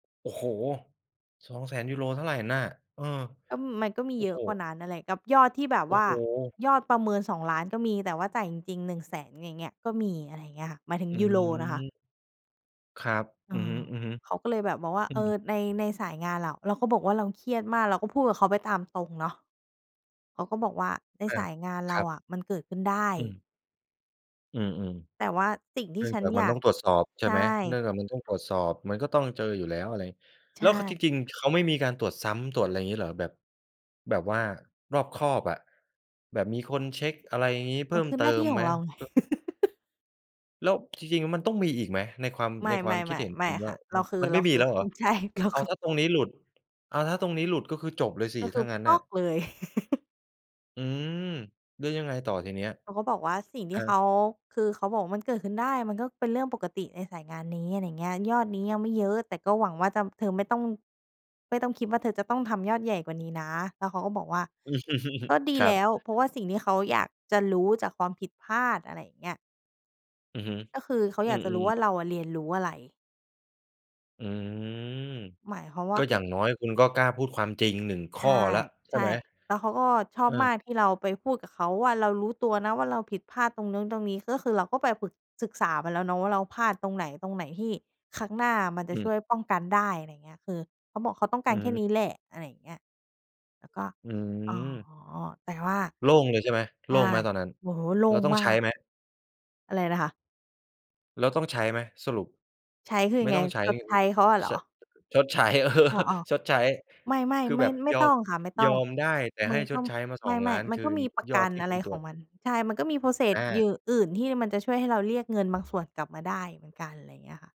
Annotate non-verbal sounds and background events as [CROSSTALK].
โอ้โฮ! €200,000 เท่าไรน่ะ เออ ก็ มันก็มีโอ้เยอโฮ ะกว่านั้นน่ะแหละ กับยอดที่แบบโอว้่าโฮ! ยอดประเมิน 2,000,000 ก็มี แต่ว่าจ่ายจริง ๆ 100,000 อย่างเงี้ย ก็มี อะไรเงี้ยค่ะ หมายถึงอยูโรนะคะ ืม ครับ เออือฮึ อ เขาๆ ก็เลยแบบมองว่า อืเออ ม ใน ในสายงานอะ เราก็บอกว่า "เราเครียดมาก" เราก็พูดกับเขาไปตามตรงเนาะ เขาก็บอกว่า "ในอสา ายงานเครารับ อะ มันเกิดขึ้นได้" อืม อือ "แต่ว่าสิ่งๆ ทเนี่ื่องฉัจนากมอัยนตา้ก" องตรวจสอบ ใช่ใชไหม? เนื่่ องจากมันต้องตรวจสอบ มันก็ต้องเจออยู่แล้ว อะไร ใชแล้ว ค จ่ ริง ๆ เขาไม่มีการตรวจซ้ำ ตรวจอะไร งี้เหรอ แบบ แบบว่ารอบคอบอะ แบบมีคนเช็ก อะไรงี้ เมพัิ่นมคือเตหนิ้าทมี่ขไอหม? งเราไง [LAUGHS] ก็ แล้วจริง ๆ แล้วมันต้องมีอีกไหม? ในความ ไมใ่ นๆ ความคิดเห็นๆ ไมคุ่ณวค่่า ะ เราคือ มันเไรมา่มคีืแอ ล้วเหรออ? ืม ใช่ เราเอคา ือ ถ้าตรงนี้หลุด อ้าว ถ้าตรงนี้หลุด ก็คือจบเลยสิ ก็คถื้อ างั้นน่ะ? เลย [CHUCKLES] อืม หรือยังไงต่อทีเนี้ย? เขาก็บอกว่า สิ่งทฮี่เขะ า คือเขาบอกว่า "มันเกิดขึ้นได้ มันก็เป็นเรื่องปกติในสายงานนี้" ไรเงี้ย "ยอดนี้ยังไม่เยอะ แต่ก็หวังว่าจะ เธอไม่ต้อง ไม่ต้องคิดว่า เธอจะต้องทำยอดใหญ่กว่านี้นะ" แล้วเขาก็บอกว่า "ก็ดี[LAUGHS] ครแัลบ ้ว เพราะว่าสิ่งที่เขาอยากจะรู้จากความผิดพลาด" อะไรอย่างเงี้ย อือฮึ ก็คือเขาออืยากจะรู้อ ว่ๆ า เราอะเรียนรู้อะไร อืม หมายความวก่็า คอย่ึ างน้อยคุณก็กล้าพูดความจริง 1 ขใช้อ่ แล้วใชใช่่ ไหม? แล้วเขาก็ชอเอบอ มากที่เราไปพูดกับเขาว่า "เรารู้ตัวนะว่า เราผิดพลาดตรงโน้นตรงนี้" ก็คือเราก็ไปปรึก ศึกษาไปแล้วเนาะว่า เราพลาดตรงไหน ตรงไหนที่ครั้งหน้าอะมันจะอืช่ม วยป้องกันได้ ไรเงี้ย คือเขาบอก "เขาต้องกอาืรอแคฮ่ึ นี้แหละ" อะไรอย่างเงี้ย แล้วก็ อือ๋อ ม แต่ว่า โล่งเลยใช่ไหม? ใชโล่ ่งไหมตอนนั้น? โอ้โฮ โล่เรางต้องมาใช้ก ไหม? อะไรนะคะ? แล้วต้องใช้ไหมสรุป? ใช้คือยไมั่งไง? ต้องใช้ ชดใช้เขาอะเหรช อ? ชดใช้ อ๋อ [LAUGHS] ชดใช้ ๆ ไม่ คๆ ือแบบๆ ไม่ยอตม ้องค่ะ ไม่ตย้ออง มได้ แต่มใึห้งชก็ ดใช้มา สไมองล้่ าน ๆ มัคนืก็นมีประยกอัดนที่อะคไุรณตขรวองจ มัน ใช่ มันก็มี อprocess หยา ื่อ อื่นที่มันจะช่วยให้เราเรียกเงินบางส่วนกลับมาได้เหมือนกัน ไรเงี้ยค่ะ